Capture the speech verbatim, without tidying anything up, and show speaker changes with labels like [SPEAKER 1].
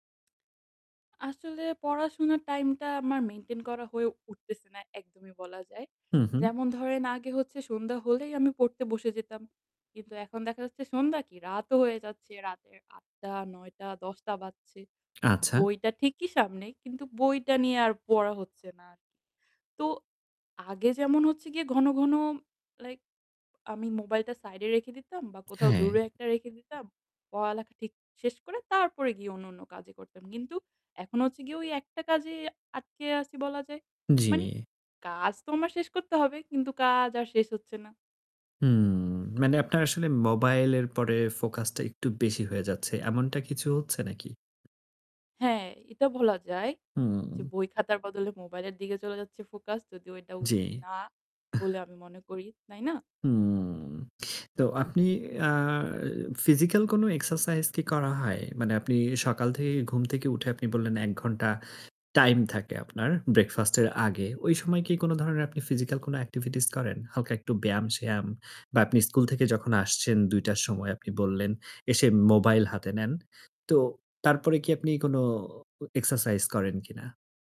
[SPEAKER 1] আসলে পড়াশুনার টাইমটা আমার মেইনটেইন করা হয়ে উঠতেছে না একদমই বলা যায়।
[SPEAKER 2] হু, হু।
[SPEAKER 1] যেমন ধরেন, আগে হচ্ছে সন্ধ্যা হলেই আমি পড়তে বসে যেতাম। কিন্তু এখন দেখা যাচ্ছে সন্ধ্যা কি রাতও হয়ে যাচ্ছে। রাতের আট টা, নয় টা, দশ টা বাজছে।
[SPEAKER 2] আচ্ছা।
[SPEAKER 1] বইটা ঠিকই সামনে, কিন্তু বইটা নিয়ে আর পড়া হচ্ছে না আরকি। তো আগে যেমন হচ্ছে গিয়ে ঘন, ঘন লাইক আমি মোবাইলটা সাইড এ রেখে দিতাম বা কোথাও
[SPEAKER 2] হ্যাঁ।
[SPEAKER 1] দূরে একটা রেখে দিতাম। পড়ালেখা ঠিক শেষ করে, তারপরে গিয়ে অন্নন্য কাজে করতাম। কিন্তু এখন হচ্ছে গিয়ে ওই একটা কাজে আটকে আছি বলা যায়।
[SPEAKER 2] উম জ্বি।
[SPEAKER 1] মানি কাজ তো আমার শেষ করতে হবে, কিন্তু কাজ আর শেষ হচ্ছে না।
[SPEAKER 2] হুম, মানে আপনার আসলে মোবাইলের পরে ফোকাসটা একটু বেশি হয়ে যাচ্ছে। এমনটা কিছু হচ্ছে নাকি?
[SPEAKER 1] হ্যাঁ এটা বলা যায়। যে
[SPEAKER 2] হুম।
[SPEAKER 1] বই-খাতার বদলে মোবাইল এর দিকে চলে যাচ্ছে ফোকাস যদিও এটা
[SPEAKER 2] জী।
[SPEAKER 1] উচিত না
[SPEAKER 2] আহ!
[SPEAKER 1] বলে আমি মনে করি, তাই না?
[SPEAKER 2] হুম! তো আপনি আ ফিজিক্যাল কোনো এক্সারসাইজ কি করা হয়? মানে আপনি এ সকাল থে ঘুম থেকে উঠে আপনি বললেন এক ঘন্টা টাইম থাকে আপনার ব্রেকফাস্ট এর আগে। ঐ সময় কি কোন ধরনের আপনি ফিজিক্যাল কোন এক্টিভিটিস করেন? হালকা একটু ব্যায়াম-স্যায়াম বা আপনি স্কুল থেকে যখন আসছেন দুই টার সময়, আপনি বললেন এসে মোবাইল হাতে নেন। তো তারপরে কি আপনি কোন ও এক্সারসাইজ করেন কিনা?